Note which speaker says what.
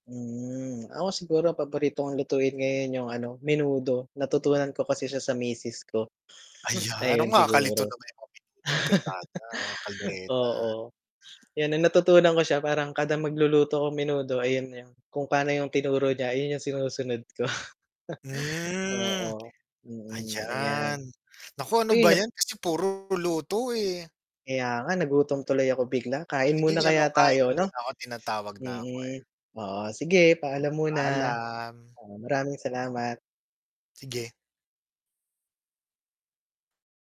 Speaker 1: Hmm, ako siguro paboritong lutuin ngayon yung ano, menudo, natutunan ko kasi siya sa misis ko,
Speaker 2: Ayan, ah,
Speaker 1: ayun
Speaker 2: nakalito
Speaker 1: siguro.
Speaker 2: naman yung menudo, afritada, caldereta.
Speaker 1: Oo, kaya ng natutunan ko siya, parang kada magluluto ko menudo ayun yung kung pano yung tinuro niya ayun yung sinusunod ko.
Speaker 2: Mm,
Speaker 1: Oo, mm, ayan.
Speaker 2: ayan, naku ano
Speaker 1: Uy
Speaker 2: ba
Speaker 1: nap
Speaker 2: yan, kasi puro luto, eh.
Speaker 1: Kaya nga nagutom tuloy ako bigla, kain
Speaker 2: Sige
Speaker 1: muna
Speaker 2: ano
Speaker 1: kaya
Speaker 2: kain na
Speaker 1: tayo ano?
Speaker 2: muna ako, tinatawag na ako, eh.
Speaker 1: Hmm, oo sige, paalam muna,
Speaker 2: Paalam.
Speaker 1: oo, maraming salamat.
Speaker 2: Sige.